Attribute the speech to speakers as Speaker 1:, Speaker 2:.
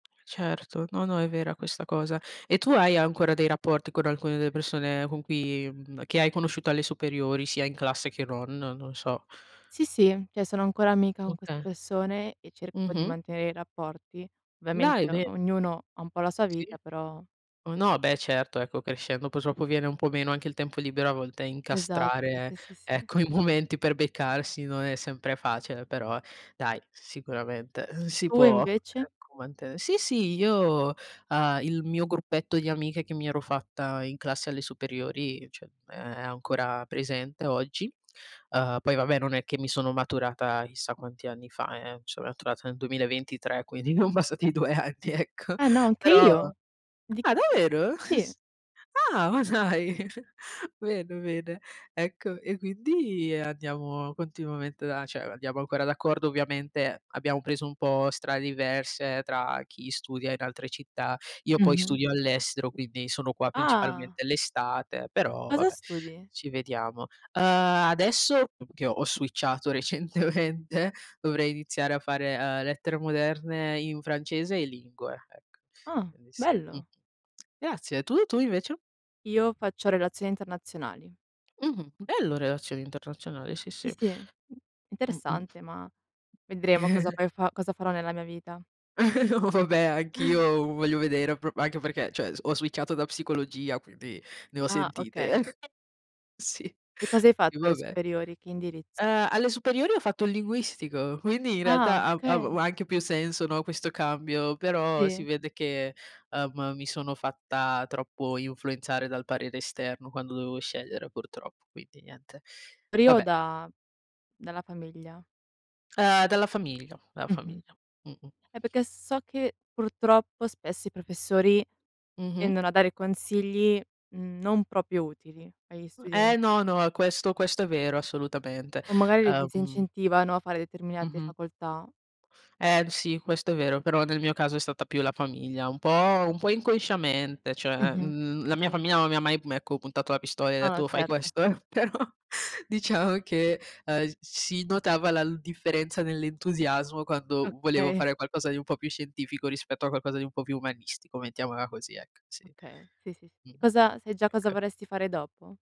Speaker 1: Certo, no, no, è vera questa cosa. E tu hai ancora dei rapporti con alcune delle persone con cui mhmm, che hai conosciuto alle superiori sia in classe che non, non lo so.
Speaker 2: Sì, sì, cioè sono ancora amica con queste
Speaker 1: Okay.
Speaker 2: persone e cerco di
Speaker 1: Mh-mh.
Speaker 2: mantenere i rapporti.
Speaker 1: Dai,
Speaker 2: Ovviamente
Speaker 1: bene.
Speaker 2: ognuno ha un po' la sua
Speaker 1: Sì.
Speaker 2: vita, però
Speaker 1: Oh, no, beh certo, ecco, crescendo, poi dopo viene un po' meno anche il tempo libero a volte
Speaker 2: Esatto,
Speaker 1: incastrare
Speaker 2: sì, sì, sì.
Speaker 1: ecco i momenti per beccarsi non è sempre facile, però dai sicuramente, uhm, si
Speaker 2: Tu
Speaker 1: può
Speaker 2: invece?
Speaker 1: ecco manten Sì sì, io, ehm, il mio gruppetto di amiche che mi ero fatta in classe alle superiori, cioè è ancora presente oggi. Uhm, poi vabbè non è che mi sono maturata chissà quanti anni fa eh-eh, so' maturata nel 2023, quindi non passati 2 anni, ecco.
Speaker 2: Eh no, anche
Speaker 1: Però
Speaker 2: io. Di
Speaker 1: Ah davvero?
Speaker 2: Sì.
Speaker 1: s ah, ma dai, bene, bene. Ecco, e quindi andiamo continuamente a cioè, andiamo ancora d'accordo. Ovviamente abbiamo preso un po' strade diverse tra chi studia in altre città, io poi
Speaker 2: Mh-mh.
Speaker 1: studio all'estero, quindi sono qua
Speaker 2: Ah.
Speaker 1: principalmente l'estate, però
Speaker 2: Cosa
Speaker 1: vabbè,
Speaker 2: studi?
Speaker 1: ci vediamo. Uhm, adesso, che ho switchato recentemente dovrei iniziare a fare, ehm, lettere moderne in francese e lingue, ecco.
Speaker 2: Ah
Speaker 1: Quindi sì. Mh-mh.
Speaker 2: bello.
Speaker 1: Grazie, e tu? Tu invece?
Speaker 2: Io faccio relazioni internazionali.
Speaker 1: Mh-mh, bello relazioni internazionali, sì,
Speaker 2: Sì
Speaker 1: sì.
Speaker 2: sì,
Speaker 1: Mh-mh.
Speaker 2: interessante, ma vedremo cosa poi fa cosa farò nella mia vita.
Speaker 1: Oh beh, anch'io u voglio vedere, pro anche perché, cioè s ho switchato da psicologia quindi ne ho
Speaker 2: Ah,
Speaker 1: sentite
Speaker 2: okay.
Speaker 1: eh. Sì,
Speaker 2: Che cosa hai fatto
Speaker 1: i va
Speaker 2: alle
Speaker 1: beh.
Speaker 2: superiori? Che indirizzo?
Speaker 1: Ehm, alle superiori ho fatto il linguistico, quindi in
Speaker 2: Ah,
Speaker 1: realtà av av u
Speaker 2: okay.
Speaker 1: anche più senso, no, questo cambio, però si
Speaker 2: Sì.
Speaker 1: vede che, ehm, mi sono fatta troppo influenzare dal parere esterno quando dovevo scegliere, purtroppo, quindi niente.
Speaker 2: Pri o
Speaker 1: Vabbè.
Speaker 2: da dalla famiglia?
Speaker 1: Ehm, dalla famiglia, dalla
Speaker 2: Mh-mh.
Speaker 1: famiglia. Mh-mh.
Speaker 2: Eh perché so che purtroppo spesso i professori
Speaker 1: Mh-mh.
Speaker 2: tendono a dare consigli non proprio utili agli
Speaker 1: Uh Eh
Speaker 2: studenti.
Speaker 1: no, no, questo questo è vero, assolutamente.
Speaker 2: O magari li
Speaker 1: Ehm
Speaker 2: disincentivano a fare determinate
Speaker 1: Mh-mh.
Speaker 2: facoltà.
Speaker 1: Ehm, sì, questo è vero, però nel mio caso è stata più la famiglia, un po' un po' inconsciamente, cioè,
Speaker 2: Mh-mh, sì,
Speaker 1: mhmm, la
Speaker 2: sì,
Speaker 1: mia
Speaker 2: sì.
Speaker 1: famiglia non mi ha mai, uhm, ecco puntato la pistola e
Speaker 2: Ah
Speaker 1: detto:
Speaker 2: no,
Speaker 1: "Oh, fai
Speaker 2: certo.
Speaker 1: questo". Però, diciamo che, ehm, si notava la l differenza nell'entusiasmo quando volevo
Speaker 2: Okay.
Speaker 1: fare qualcosa di un po' più scientifico rispetto a qualcosa di un po' più umanistico, mettiamola così, ecco, sì.
Speaker 2: Okay, sì, sì, s E
Speaker 1: Mh-mh,
Speaker 2: cosa sai già cosa
Speaker 1: ecco.
Speaker 2: vorresti fare dopo?